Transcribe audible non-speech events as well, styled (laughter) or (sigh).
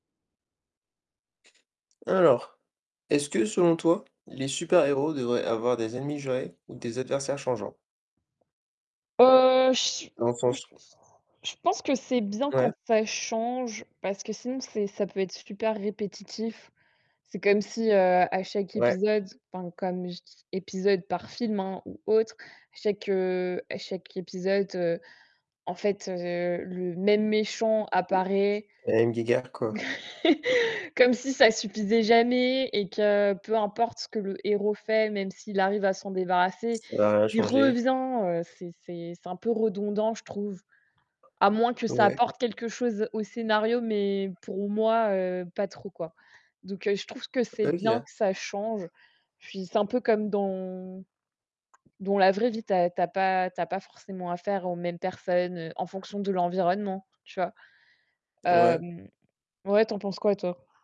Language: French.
Alors, est-ce que selon toi, les super-héros devraient avoir des ennemis jurés ou des adversaires changeants? Heu, j Dans le s sens (unintelligible) je pense que c'est bien Ouais. quand ça change, parce que sinon, c'est ça peut être super répétitif. C'est comme si, heu, à chaque Ouais. épisode, enfin, comme je dis épisode par film, hein, ou autre, chaque, heu, à chaque épisode, en fait, heu, le même méchant apparaît La même guéguerre, quoi. (chuckles) comme si ça suffisait jamais et que peu importe ce que le héros fait, même s'il arrive à s'en débarrasser, Ça va rien il changer. revient, heu, c'est c'est c'est un peu redondant, je trouve, à moins que ça Ouais. apporte quelque chose au scénario, mais pour moi, heu, pas trop, quoi. Donc, je trouve que c'est bien OK. que ça change. Puis, c'est un peu comme dans dans la vraie vie, tu as tu as pas tu as pas forcément affaire aux mêmes personnes en fonction de l'environnement, tu vois? Ouais. Hem, ouais, tu en penses quoi toi?